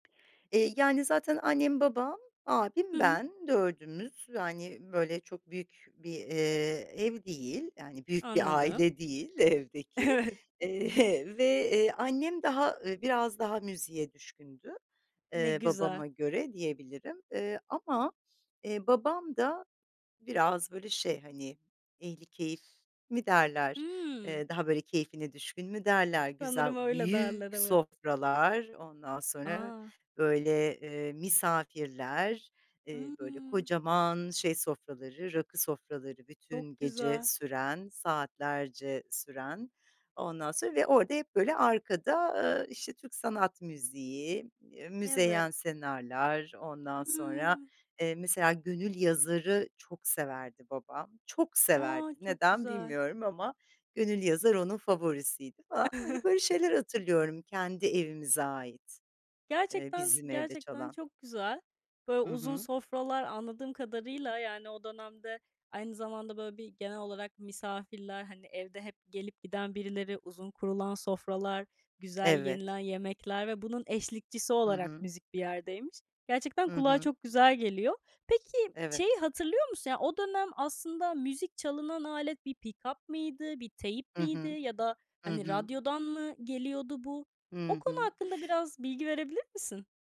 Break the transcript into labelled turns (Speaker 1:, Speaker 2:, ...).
Speaker 1: Eee, yani, zaten annem, babam,
Speaker 2: Hı
Speaker 1: abim,
Speaker 2: hı.
Speaker 1: ben dördümüz, yani, böyle çok büyük bir, eee, ev değil, yani, büyük bir
Speaker 2: Anladım.
Speaker 1: aile değil evdeki,
Speaker 2: Evet.
Speaker 1: eee, ve, eee, annem, daha, ııı, biraz daha müziğe düşkündü,
Speaker 2: Ne
Speaker 1: eee,
Speaker 2: güzel.
Speaker 1: babama göre diyebilirim, eee, ama, eee, babam da biraz böyle şey, hani, ehlikeyif mi derler,
Speaker 2: Hımm.
Speaker 1: eee, daha böyle keyfine düşkün mü derler, güzel,
Speaker 2: Sanırım öyle derler,
Speaker 1: büyük
Speaker 2: evet.
Speaker 1: sofralar, ondan sonra
Speaker 2: A!
Speaker 1: böyle, eee, misafirler, eee, böyle
Speaker 2: Hımm.
Speaker 1: kocaman şey sofraları, rakı sofraları bütün
Speaker 2: Çok
Speaker 1: gece
Speaker 2: güzel.
Speaker 1: süren, saatlerce süren ondan sonra ve orada hep böyle arkada, ııı, işte, Türk sanat müziği, eee, Müzeyyen
Speaker 2: Evet.
Speaker 1: Senar'lar, ondan sonra,
Speaker 2: Hımm.
Speaker 1: eee, mesela, Gönül Yazar'ı çok severdi babam, çok severdi
Speaker 2: A, çok
Speaker 1: neden
Speaker 2: güzel!
Speaker 1: bilmiyorum ama Gönül Yazar onun favorisiydi falan. Hani, böyle şeyler hatırlıyorum kendi evimize ait, eee,
Speaker 2: Gerçekten,
Speaker 1: bizim evde
Speaker 2: gerçekten
Speaker 1: çalan.
Speaker 2: çok güzel. Böyle
Speaker 1: Hı
Speaker 2: uzun
Speaker 1: hı.
Speaker 2: sofralar anladığım kadarıyla, yani, o dönemde aynı zamanda böyle bir genel olarak misafirler, hani, evde hep gelip giden birileri, uzun kurulan sofralar, güzel
Speaker 1: Evet.
Speaker 2: yenilen yemekler ve bunun eşlikçisi
Speaker 1: Hı
Speaker 2: olarak
Speaker 1: hı.
Speaker 2: müzik bir yerdeymiş. Gerçekten
Speaker 1: Hı
Speaker 2: kulağa
Speaker 1: hı.
Speaker 2: çok güzel geliyor. Peki,
Speaker 1: Evet.
Speaker 2: şeyi hatırlıyor musun? Yani, o dönem aslında müzik çalınan alet bir pikap mıydı, bir teyp
Speaker 1: Hı
Speaker 2: miydi
Speaker 1: hı.
Speaker 2: ya da
Speaker 1: Hı
Speaker 2: hani,
Speaker 1: hı.
Speaker 2: radyodan mı geliyordu bu? O
Speaker 1: Hı
Speaker 2: konu
Speaker 1: hı.
Speaker 2: hakkında biraz bilgi verebilir misin?